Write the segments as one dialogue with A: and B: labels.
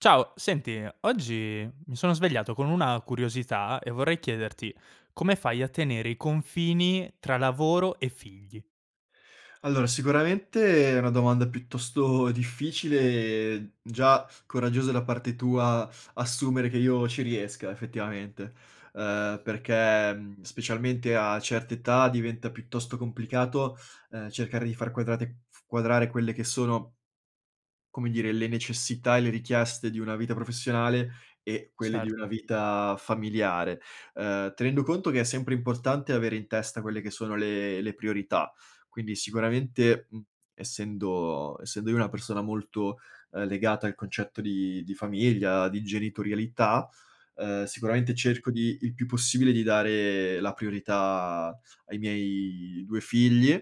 A: Ciao, senti, oggi mi sono svegliato con una curiosità e vorrei chiederti: come fai a tenere i confini tra lavoro e figli?
B: Allora, sicuramente è una domanda piuttosto difficile e, mhmm, già coraggiosa da parte tua, assumere che io ci riesca, effettivamente, uhm, perché mhmm, specialmente a certe età diventa piuttosto complicato, uhm, cercare di far quadrate f quadrare quelle che sono come dire, le necessità e le richieste di una vita professionale e quelle di una
A: Certo.
B: vita familiare, uhm, tenendo conto che è sempre importante avere in testa quelle che sono le le priorità. Quindi sicuramente, mhmm, essendo essendo io una persona molto, uhm, legata al concetto di di famiglia, di genitorialità, uhm, sicuramente
A: Mh-mh.
B: cerco di il più possibile di dare la priorità ai miei 2 figli,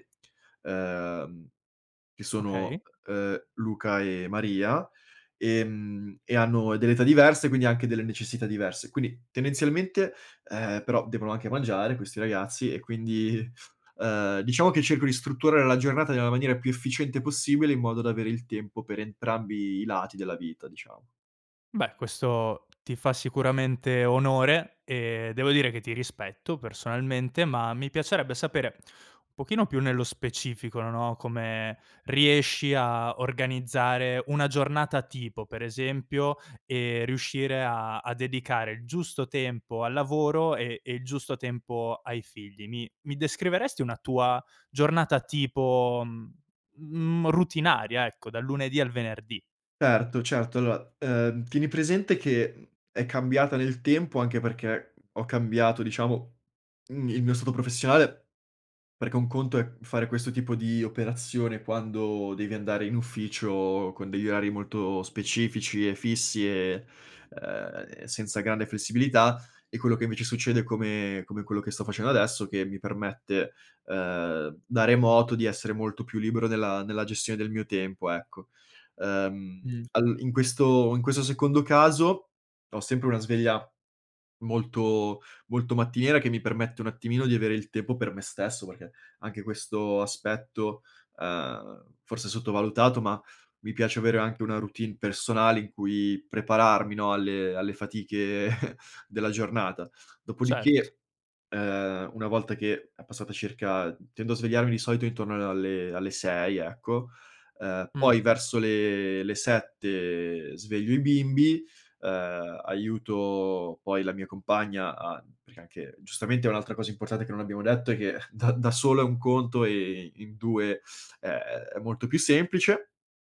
B: uhm, che sono,
A: Okay.
B: uhm, Luca e Maria, ehm, e hanno delle età diverse quindi anche delle necessità diverse, quindi tendenzialmente, ehm, però devono anche mangiare questi ragazzi e quindi, uhm, diciamo che cerco di strutturare la giornata nella maniera più efficiente possibile in modo da avere il tempo per entrambi i lati della vita, diciamo.
A: Beh, questo ti fa sicuramente onore e devo dire che ti rispetto personalmente, ma mi piacerebbe sapere un pochino più nello specifico, no, come riesci a organizzare una giornata tipo, per esempio, e riuscire a a dedicare il giusto tempo al lavoro e e il giusto tempo ai figli. Mi mi descriveresti una tua giornata tipo, mhmm, routinaria, ecco, dal lunedì al venerdì?
B: Erto, certo, allora, uhm, tieni presente che, mhmm, è cambiata nel tempo anche perché ho cambiato diciamo, mhmm, il mio stato professionale, perché un conto è fare questo tipo di operazione quando devi andare in ufficio con degli orari molto specifici e fissi e uhm, e senza grande flessibilità e quello che invece succede come come quello che sto facendo adesso, che mi permette, uhm, da remoto di essere molto più libero nella nella gestione del mio tempo, ecco. Uhm,
A: Mh.
B: al in questo in questo secondo caso, ho sempre una sveglia molto molto mattiniera che mi permette un attimino di avere il tempo per me stesso perché anche questo aspetto, uhm, forse sottovalutato, ma mi piace avere anche una routine personale in cui prepararmi, no, alle alle fatiche della giornata.
A: Certo.
B: Dopodiché, uhm, una volta che è passata circa tendo a svegliarmi di solito intorno a alle alle 6 ecco, uhm,
A: Mh.
B: poi verso le le 7 sveglio i bimbi, uhm, aiuto poi la mia compagna a perché anche giustamente è un'altra cosa importante che non abbiamo detto è che da da solo è un conto e in 2, ehm, è molto più semplice.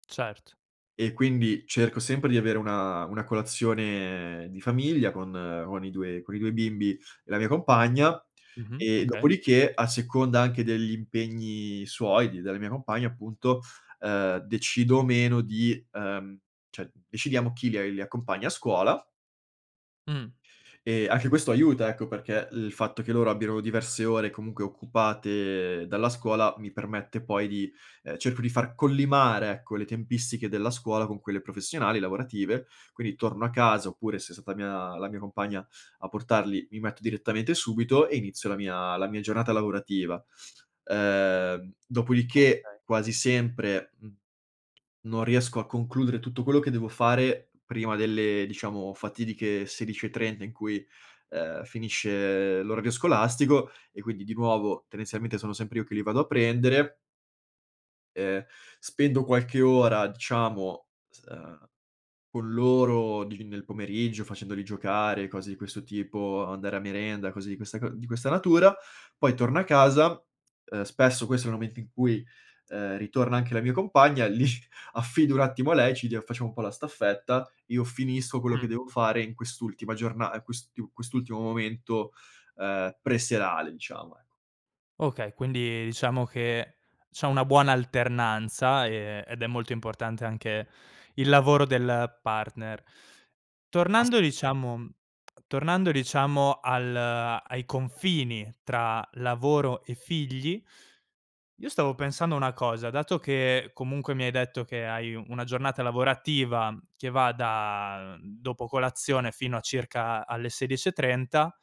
A: Certo.
B: E, quindi cerco sempre di avere una una colazione di famiglia con con i 2 con i 2 bimbi e la mia compagna,
A: Mh-mh.
B: e
A: Okay.
B: dopodiché a seconda anche degli impegni suoi, di della mia compagna, appunto, uhm, decido o meno di uhm, cioè, decidiamo chi li li accompagna a scuola
A: Mh.
B: e anche questo aiuta, ecco, perché il fatto che loro abbiano diverse ore, comunque, occupate dalla scuola mi permette poi di uhm, cerco di far collimare, ecco, le tempistiche della scuola con quelle professionali, lavorative. Quindi torno a casa, oppure se è stata mia la mia compagna a portarli, mi metto direttamente subito e inizio la mia la mia giornata lavorativa. Ehm, dopo di che,
A: Okay.
B: quasi sempre, mhmm, non riesco a concludere tutto quello che devo fare prima delle, diciamo, fatidiche 16:30, in cui, uhm, finisce l'orario scolastico e quindi, di nuovo, tendenzialmente sono sempre io che li vado a prendere ehm, spendo qualche ora, diciamo, s uhm, con loro di nel pomeriggio, facendoli giocare, cose di questo tipo, andare a merenda, cose di questa c di questa natura; poi torno a casa, uhm, spesso questo è un momento in cui, uhm, ritorna anche la mia compagna li affido un attimo a lei e ci dia facciamo un po' la staffetta, io finisco quello
A: Mh.
B: che devo fare in quest'ultima giorna a quest'iu quest'ultimo momento, uhm, pre-serale diciamo, ecco.
A: Okay, quindi, diciamo, che c'è una buona alternanza e ed è molto importante anche il lavoro del partner. Tornando
B: [unintelligible]
A: diciamo tornando diciamo al ai confini tra lavoro e figli, io stavo pensando una cosa: dato che, comunque, mi hai detto che hai u una giornata lavorativa che va da dopo colazione fino a circa a alle 16:30,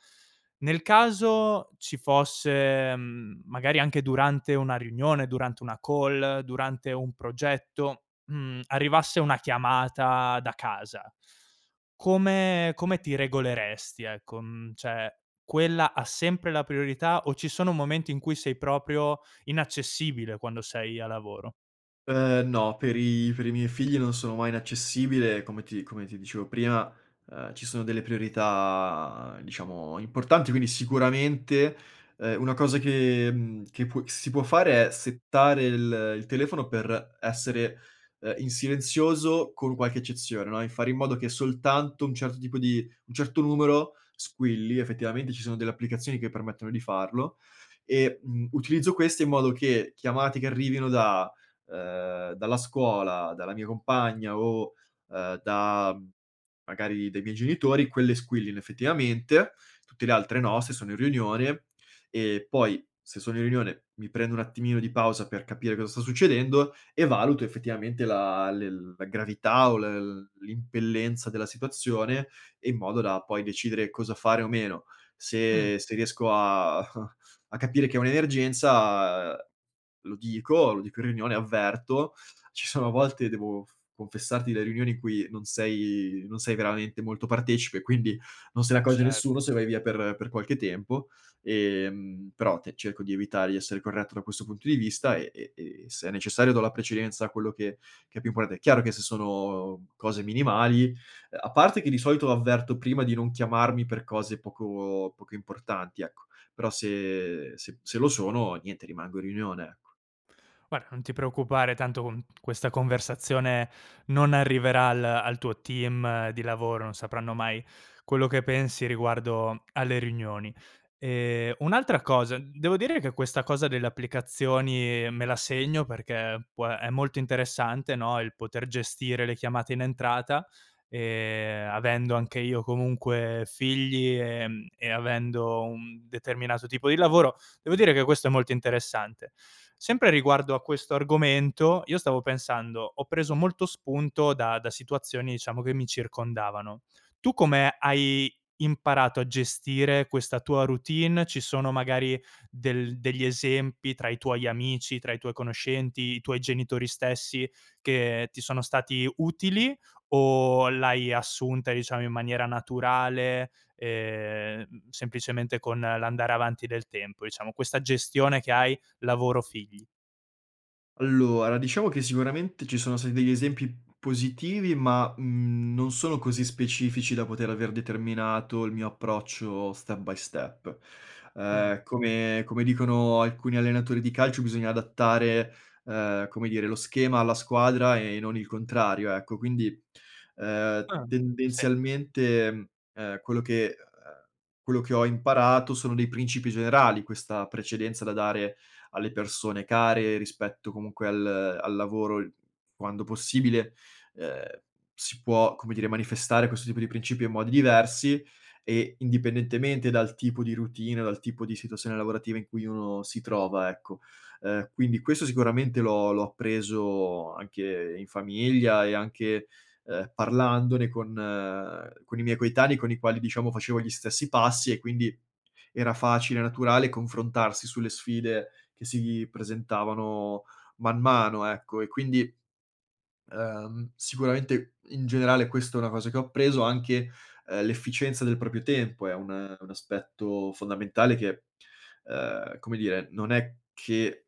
A: nel caso ci fosse, mhmm, magari anche durante una riunione, durante una call, durante un progetto, mhmm, arrivasse una chiamata da casa, come come ti regoleresti, ecco? Mhmm, cioè, quella ha sempre la priorità o ci sono momenti in cui sei proprio inaccessibile quando sei a lavoro?
B: Uhm, no, per i per i miei figli non sono mai inaccessibile, come ti come ti dicevo prima, uhm, ci sono delle priorità, diciamo, importanti, quindi sicuramente, uhm, una cosa che mhmm, che può che si può fare è settare il il telefono per essere, uhm, in silenzioso con qualche eccezione, no, e fare in modo che soltanto un certo tipo di un certo numero, squilli. Effettivamente, ci sono delle applicazioni che permettono di farlo e, mhmm, utilizzo queste in modo che chiamate che arrivino da uhm, dalla scuola, dalla mia compagna o, uhm, da magari dai miei genitori, quelle squillino effettivamente, tutte le altre no se sono in riunione, e poi se sono in riunione mi prendo un attimino di pausa per capire cosa sta succedendo e valuto, effettivamente, la le la gravità o l l'impellenza della situazione e in modo da, poi, decidere cosa fare o meno,
A: Mh.
B: se se riesco a a capire che è un'emergenza lo dico lo dico in riunione, avverto, ci sono volte devo f confessarti le riunioni in cui non sei non sei veramente molto partecipe, quindi non se ne
A: Ce
B: accorge nessuno se vai via per per qualche tempo, ehm, però te cerco di evitare, di essere corretto da questo punto di vista e e e se è necessario do la precedenza a quello che che è più importante. Chiaro che se sono cose minimali, uhm, a parte che di solito avverto prima di non chiamarmi per cose poco poco importanti ecco, però se se se lo sono, niente, rimango in riunione, ecco.
A: Guard non ti preoccupare tanto con questa conversazione non arriverà al al tuo team di lavoro, non sapranno mai quello che pensi riguardo alle riunioni. Ehm, un'altra cosa, devo dire che questa cosa delle applicazioni me la segno perché può è molto interessante, no, il poter gestire le chiamate in entrata e, mhmm, avendo anche io comunque figli, ehm, e avendo un determinato tipo di lavoro, devo dire che questo è molto interessante. Sempre riguardo a questo argomento, io stavo pensando: ho preso molto spunto da da situazioni diciamo che mi circondavano. Tu come hai imparato a gestire questa tua routine? Ci sono magari del degli esempi tra i tuoi amici, tra i tuoi conoscenti, i tuoi genitori stessi che ti sono stati utili, o l'hai assunta, diciamo, in maniera naturale, ehm, m semplicemente con l'andare avanti del tempo, diciamo, questa gestione che hai lavoro-figli?
B: Allora, diciamo che sicuramente ci sono stati degli esempi positivi ma, mhmm, non sono così specifici da poter aver determinato il mio approccio step by step
A: Mh.
B: uhm, come come dicono alcuni allenatori di calcio bisogna adattare, uhm, come dire, lo schema alla squadra e non il contrario, ecco; quindi, uhm,
A: Ah, sì.
B: tendenzialmente, uhm, quello che uhm, quello che ho imparato sono dei principi generali, questa precedenza da dare alle persone care rispetto, comunque, al al lavoro l quando possibile, uhm, si può, come dire, manifestare questo tipo di principio in modi diversi e indipendentemente dal tipo di routine dal tipo di situazione lavorativa in cui uno si trova, ecco. Uhm, quindi questo sicuramente l'ho l'ho appreso anche in famiglia e anche, uhm, parlandone con con i miei coetanei, con i quali diciamo facevo gli stessi passi e quindi era facile e naturale confrontarsi sulle sfide che si presentavano man mano, ecco, e quindi, uhm, sicuramente in generale questo è una cosa che ho appreso anche, uhm, l'efficienza del proprio tempo è un un aspetto fondamentale che, uhm, come dire, non è che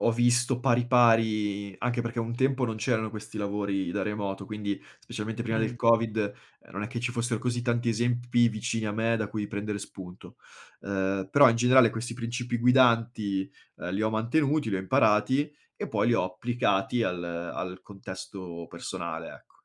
B: ho visto pari, pari anche perché un tempo non c'erano questi lavori da remoto, quindi specialmente prima del
A: Mh.
B: Covid, uhm, non è che ci fossero così tanti esempi vicini a me da cui prendere spunto, uhm, però in generale questi principi guidanti, uhm, li ho mantenuti, li ho imparati e poi ho applicati al al contesto personale, ecco.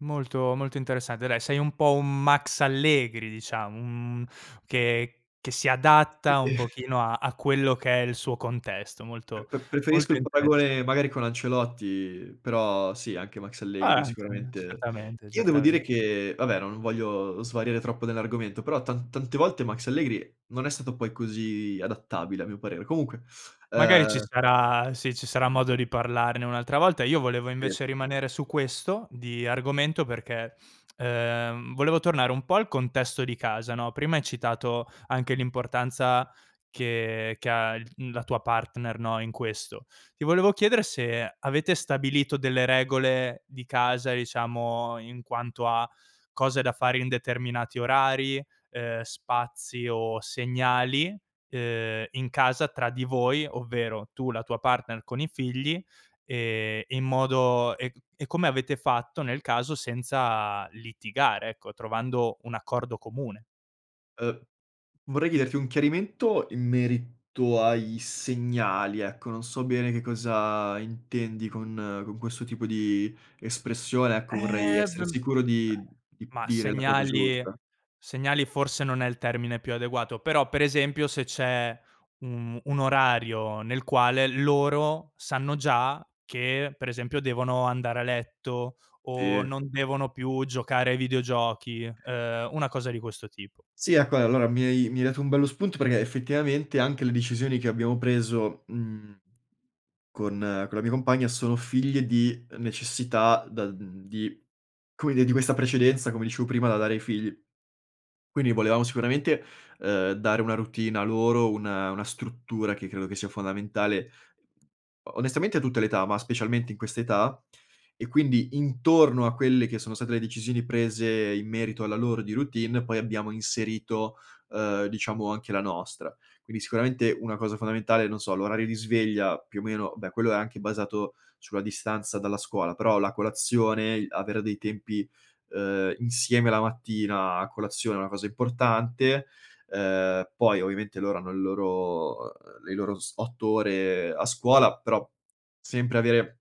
A: Molto molto interessante dai, sei un po' un Max Allegri diciamo, un mhmm, che che si adatta un pochino a a quello che è il suo contesto,
B: P
A: molto,
B: p preferisco
A: molto
B: il
A: interessa
B: paragone, magari, con Ancelotti, però sì anche Max
A: Ah
B: Allegri
A: anche,
B: sicuramente
A: certamente,
B: Io devo
A: certamen
B: dire che vabbè non voglio svariare troppo nell'argomento, però tan tante volte Max Allegri non è stato poi così adattabile a mio parere. Comunque,
A: Magari ci
B: uhm
A: sarà sì, ci sarà modo di parlarne un'altra volta. Io volevo
B: Sì.
A: invece rimanere su questo di argomento perché, uhm, volevo tornare un po' al contesto di casa, no, prima hai citato anche l'importanza che che ha il mhmm, la tua partner, no, in questo. Ti volevo chiedere se avete stabilito delle regole di casa, diciamo, in quanto a cose da fare in determinati orari, uhm, spazi o segnali, uhm, in casa tra di voi, ovvero tu, la tua partner con i figli, ehm in modo e mhmm, e come avete fatto, nel caso, senza litigare, ecco, trovando un accordo comune.
B: Uhm, vorrei chiederti un chiarimento in merito ai segnali, ecco, non so bene che cosa intendi con con questo tipo di espressione, ecco, vorrei
A: Eh, b
B: essere sicuro di di
A: Mah,
B: dire la cosa
A: segnali
B: giusta.
A: segnali forse non è il termine più adeguato, però per esempio se c'è u mhmm, un orario nel quale loro sanno già che, per esempio, devono andare a letto o
B: Sì.
A: non devono più giocare ai videogiochi, uhm, una cosa di questo tipo.
B: Sì, ecco. Eh, allora mi hai mi hai dato un bello spunto perché, effettivamente, anche le decisioni che abbiamo preso, mhmm, con con la mia compagna sono figlie di necessità, da mhmm, di come dire, di questa precedenza come dicevo prima da dare ai figli. Quindi volevamo sicuramente, uhm, dare una routine a loro, un una struttura che credo che sia fondamentale, o onestamente a tutte le età, ma specialmente in questa età, e quindi intorno a quelle che sono state le decisioni prese in merito alla loro di routine poi abbiamo inserito, uhm, diciamo anche la nostra. Quindi, sicuramente, una cosa fondamentale, non so, l'orario di sveglia, più o meno beh, quello è anche basato sulla distanza dalla scuola, però la colazione, i avere dei tempi, uhm, insieme la mattina a colazione è una cosa importante, uhm, poi ovviamente loro hanno il loro le loro s 8 ore a scuola però sempre avere,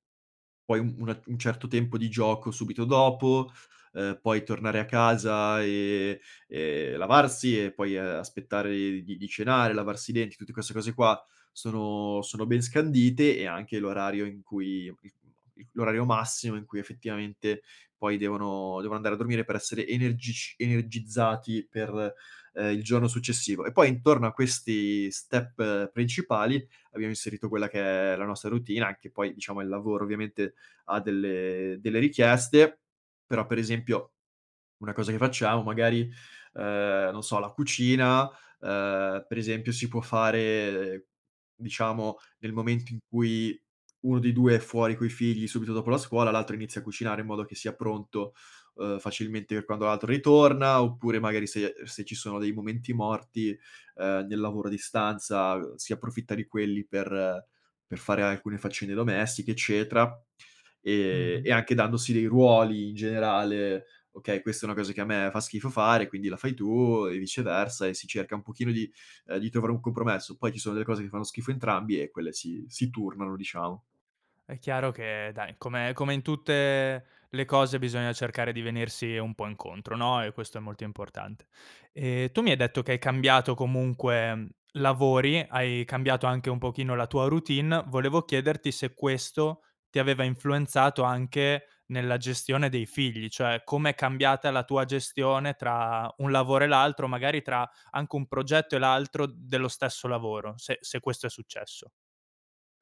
B: poi, un una un certo tempo di gioco subito dopo, uhm, poi tornare a casa e e lavarsi e poi, uhm, aspettare di di cenare, lavarsi i denti, tutti queste cose qua sono sono ben scandite e anche l'orario in cui [unintelligible] l'orario massimo in cui, effettivamente, poi devono devo andare a dormire per essere energic energizzati per, ehm, il giorno successivo. E poi intorno a questi step principali abbiamo inserito quella che è la nostra routine, anche poi, diciamo, il lavoro, ovviamente, ha delle delle richieste, però, per esempio, una cosa che facciamo, magari, uhm, non so, la cucina, uhm, per esempio si può fare, diciamo, nel momento in cui 1 dei 2 è fuori coi figli subito dopo la scuola, l'altro inizia a cucinare in modo che sia pronto, uhm, facilmente per quando l'altro ritorna, oppure magari se se ci sono dei momenti morti, uhm, nel lavoro a distanza si approfitta di quelli per per fare alcune faccende domestiche, eccetera, e
A: Mh-mh.
B: e anche dandosi dei ruoli in generale: "Okay, questa è una cosa che a me fa schifo fare, e quindi la fai tu, e viceversa" e si cerca un pochino di uhm, di trovare un compromesso, poi ci sono delle cose che fanno schifo a entrambi e quelle si si turnano, diciamo.
A: È chiaro che, dai, come come in tutte le cose bisogna cercare di venirsi un po' incontro, no, e questo è molto importante. Ehm, tu mi hai detto che hai cambiato comunque lavori, hai cambiato anche un pochino la tua routine. Volevo chiederti se questo ti aveva influenzato anche nella gestione dei figli, cioè com'è cambiata la tua gestione tra un lavoro e l'altro, magari tra anche un progetto e l'altro dello stesso lavoro? Se se questo è successo.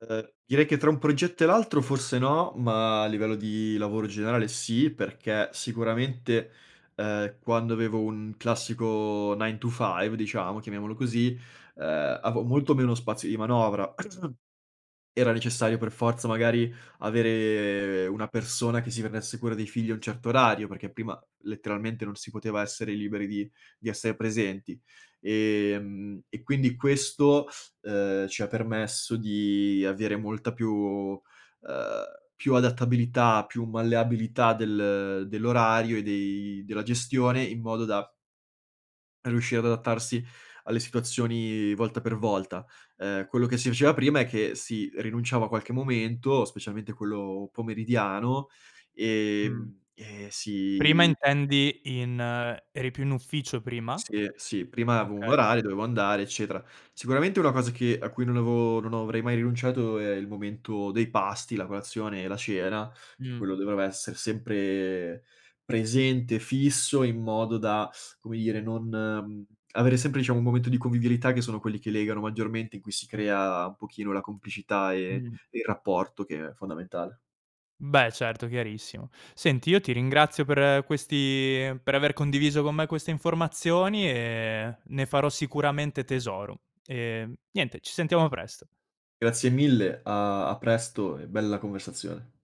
B: Uhm, direi che tra un progetto e l'altro forse no, ma a livello di lavoro generale sì perché sicuramente, uhm, quando avevo un classico nine to five diciamo, chiamiamolo così, uhm, avevo molto meno spazio di manovra. Era necessario per forza, magari, avere una persona che si prendesse cura dei figli un certo orario, perché prima letteralmente non si poteva essere liberi di di essere presenti, ehm, e quindi questo, uhm, ci ha permesso di avere molta più uhm, più adattabilità, più malleabilità del dell'orario e dei della gestione, in modo da riuscire ad adattarsi alle situazioni volta per volta, uhm, quello che si faceva prima è che si rinunciava a qualche momento, specialmente quello pomeridiano,
A: Mh.
B: ehm, e
A: Prima
B: si
A: intendi in eri più in ufficio prima?
B: Sì, sì, prima avevo un
A: Okay.
B: orario, dovevo andare, eccetera. Sicuramente una cosa che a cui non avevo non avrei mai rinunciato è il momento dei pasti, la colazione e la cena, che
A: Mh.
B: quello doveva esser sempre presente, fisso, in modo da, come dire non mhmm, avere sempre diciamo un momento di convivialità, che sono quelli che legano maggiormente, in cui si crea un pochino la complicità e
A: Mh.
B: e il rapporto, che è fondamentale.
A: Beh certo, chiarissimo. Senti, io ti ringrazio per questi per aver condiviso con me queste informazioni e ne farò sicuramente tesoro, ehm, niente ci sentiamo presto.
B: Grazie mille, a a presto e bella conversazione.